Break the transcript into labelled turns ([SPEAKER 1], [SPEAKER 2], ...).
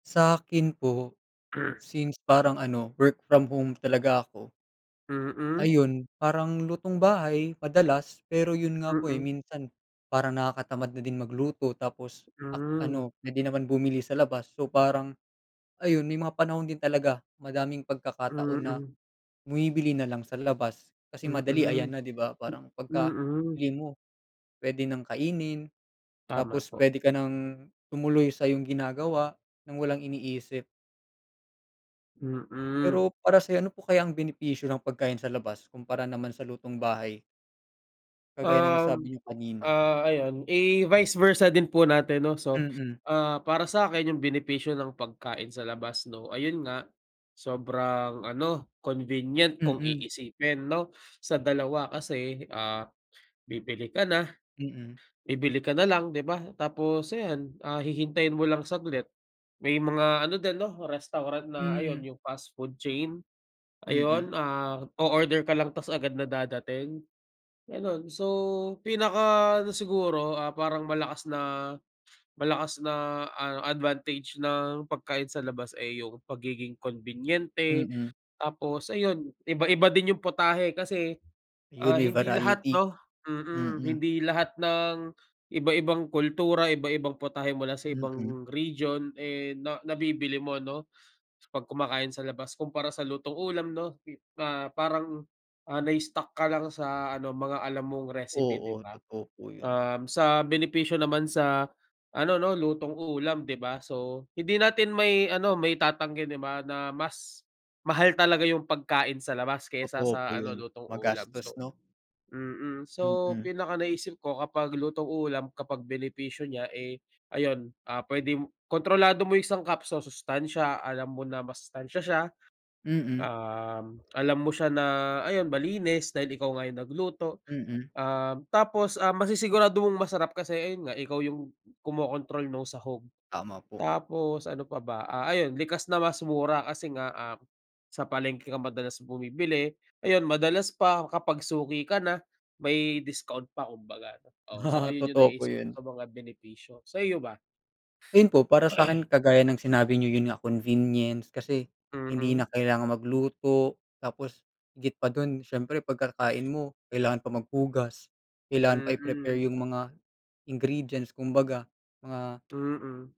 [SPEAKER 1] Sa'kin po, since parang ano work from home talaga ako
[SPEAKER 2] Mm.
[SPEAKER 1] ayun, parang lutong bahay madalas pero yun nga po, eh,
[SPEAKER 2] Mm.
[SPEAKER 1] minsan parang nakakatamad na din magluto tapos ak
[SPEAKER 2] Hmm.
[SPEAKER 1] ano puwede naman bumili sa labas. So parang, ayun may mga panahon din talaga madaming pagkakataon na
[SPEAKER 2] Mm.
[SPEAKER 1] bumibili nalang sa labas kasi madali ayan
[SPEAKER 2] Mm,
[SPEAKER 1] na di ba, parang
[SPEAKER 2] m
[SPEAKER 1] pagka
[SPEAKER 2] mm.
[SPEAKER 1] bili mo puwede nang kainin,
[SPEAKER 2] Tama
[SPEAKER 1] tapos
[SPEAKER 2] po.
[SPEAKER 1] puwede ka nang tumuloy sa'yong ginagawa ng walang iniisip.
[SPEAKER 2] Mm.
[SPEAKER 1] Pero para sa'yo, ano po kaya ang benepisyo ng pagkain sa labas kumpara naman sa lutong bahay? Kagaya ng nasabi
[SPEAKER 2] Um,
[SPEAKER 1] niyo kanina?
[SPEAKER 2] ah, ayun, eh, vice versa din po natin no so,
[SPEAKER 1] Mm.
[SPEAKER 2] ah, para sa'kin yung benepisyo ng pagkain sa labas no, ayun nga sobrang ano, convenient kung
[SPEAKER 1] Mm.
[SPEAKER 2] iisipin no sa dalawa kasi, ah, bibili ka na
[SPEAKER 1] Mm.
[SPEAKER 2] bibili ka na lang, di ba? Tapos ayan, ah, hihintayin mo lang saglit, may mga ano din 'no restaurant na ayun
[SPEAKER 1] Mm.
[SPEAKER 2] yung fast food chain,
[SPEAKER 1] Mm.
[SPEAKER 2] ayun, ah, o-order ka lang ta's agad na dadating, ganon. So pinaka ano siguro, ah, parang malakas na malakas na ah, a advantage ng pagkain sa labas ay yung pagiging konbinyente.
[SPEAKER 1] Mm.
[SPEAKER 2] Tapos ayun iba-iba din yung putahe kasi,
[SPEAKER 1] Yun
[SPEAKER 2] ah,
[SPEAKER 1] may
[SPEAKER 2] hindi lahat
[SPEAKER 1] variety,
[SPEAKER 2] no mm,
[SPEAKER 1] mm.
[SPEAKER 2] hindi lahat ng iba-ibang kultura, iba-ibang putahe mula sa
[SPEAKER 1] Mm.
[SPEAKER 2] ibang region, eh, na nabibili mo no 'pag kumakain sa labas kumpara sa lutong ulam no, ah, parang, ah, na-stuck ka lang sa ano mga alam mong recipe, di
[SPEAKER 1] Oo,
[SPEAKER 2] ba?
[SPEAKER 1] totoo po yun.
[SPEAKER 2] Um, sa benepisyo naman sa ano no, lutong ulam di ba, so hindi natin may ano maitatanggi, di ba, na mas mahal talaga yung pagkain sa labas kaysa
[SPEAKER 1] Totoo po
[SPEAKER 2] sa ano
[SPEAKER 1] yun,
[SPEAKER 2] lutong ulam.
[SPEAKER 1] magastos
[SPEAKER 2] So
[SPEAKER 1] no?
[SPEAKER 2] mm, so
[SPEAKER 1] Mm.
[SPEAKER 2] pinaka naisip ko kapag lutong ulam, kapag benepisyo niya, eh, ayun, ah, puwede kontrolado mo yung sangkap, sa sustansiya alam mo na masustansiya siya,
[SPEAKER 1] Mm.
[SPEAKER 2] um, alam mo siya na ayon, malinis dahil ikaw nga yung nagluto,
[SPEAKER 1] Mm.
[SPEAKER 2] um, tapos, ah, masisigurado mong masarap kasi ayun nga ikaw yung kumokontrol nong sahog
[SPEAKER 1] Tama po.
[SPEAKER 2] tapos ano pa ba, ah, ayun likas na mas mura kasi nga, ah, sa palengke ka madalas bumibili, ayun madalas pa kapag suki ka na may discount pa kumbaga. Oo, so ayun yung
[SPEAKER 1] Totoo po
[SPEAKER 2] naiisip
[SPEAKER 1] yun.
[SPEAKER 2] ko na mga benepisyo, sa iyo ba?
[SPEAKER 1] Ayun po para sa'kin kagaya ng sinabi niyo yun nga convenience, kasi hindi na
[SPEAKER 2] Mm.
[SPEAKER 1] kailangan magluto, tapos higit pa dun siyempre pagkakain mo, kailangan pa maghugas, kailangan pa i-prepare
[SPEAKER 2] Mm.
[SPEAKER 1] yung mga ingredients kumbaga, mga
[SPEAKER 2] Mm.